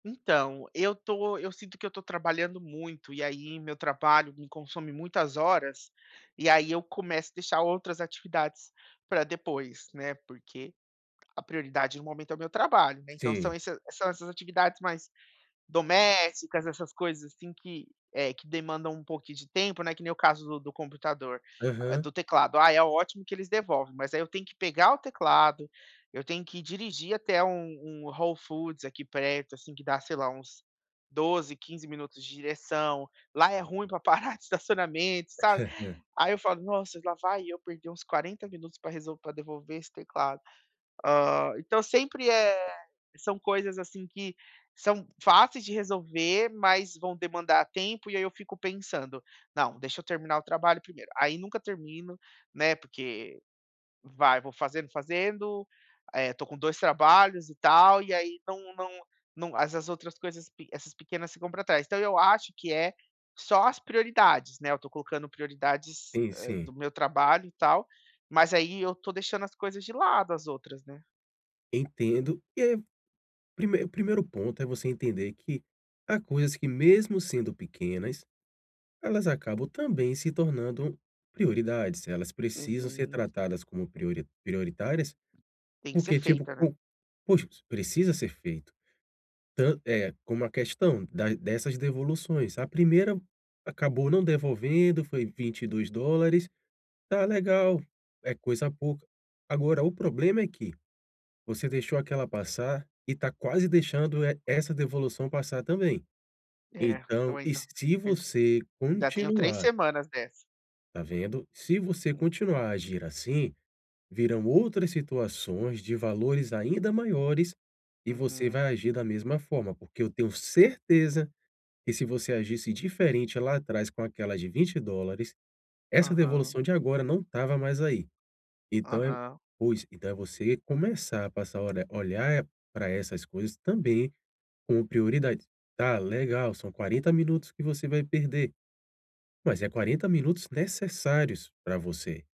Então, eu tô eu sinto que eu tô trabalhando muito, e aí meu trabalho me consome muitas horas, e aí eu começo a deixar outras atividades pra depois, né, porque a prioridade no momento é o meu trabalho, né, então Sim. esse são essas atividades mais domésticas, essas coisas assim que, eh, que demandam um pouquinho de tempo, que nem o caso do do computador, do Aham. teclado, ah é ótimo que eles devolvem, mas aí eu tenho que pegar o teclado, eu tenho que dirigir até um um Whole Foods aqui perto, assim que dá sei lá uns 12, 15 minutos de direção, lá é ruim pra parar de estacionamento, sabe? Aí eu falo: "Nossa lá vai eu perder uns 40 minutos pra resolv pra devolver esse teclado." Hã, então sempre é são coisas, assim, que são fáceis de resolver, mas vão demandar tempo, e aí eu fico pensando: "Não, deixa eu terminar o trabalho primeiro", aí nunca termino, né, porque vai vou fazendo fazendo, eh, tô com 2 trabalhos e tal, e aí não não não essas outras coisas, pi essas pequenas ficam pra trás, então eu acho que é só as prioridades, né, eu tô colocando prioridades, Sim, hã, sim. do meu trabalho e tal, mas aí eu estou deixando as coisas de lado, as outras, né. Entendo, e ai, primei o primeiro ponto é você entender que há coisas que mesmo sendo pequenas, elas acabam também se tornando prioridades, elas precisam ser Uhum. tratadas como priori prioritárias, Tem que ser porque tipo, feita, né? po poxa, precisa ser feito. Tan é como a questão da dessas devoluções. A primeira acabou não devolvendo, foi $22. Tá legal, é coisa pouca. Agora o problema é que, você deixou aquela passar e tá quase deixando e essa devolução passar também. É, eu Então, e ainda se ainda você ainda tenho 3 continuar semanas dessa. Tá vendo? Se você Hum. continuar a agir assim, virão outras situações de valores ainda maiores e você vai Uhum. agir da mesma forma, porque eu tenho certeza que se você agisse diferente lá atrás com aquela de $20, essa Aham. devolução de agora não estava mais aí. Então é Aham. pois, então é você começar a passar a ora a olhar pra essas coisas também como prioridade. Tá, legal, são 40 minutos que você vai perder. Mas é 40 minutos necessários pra você.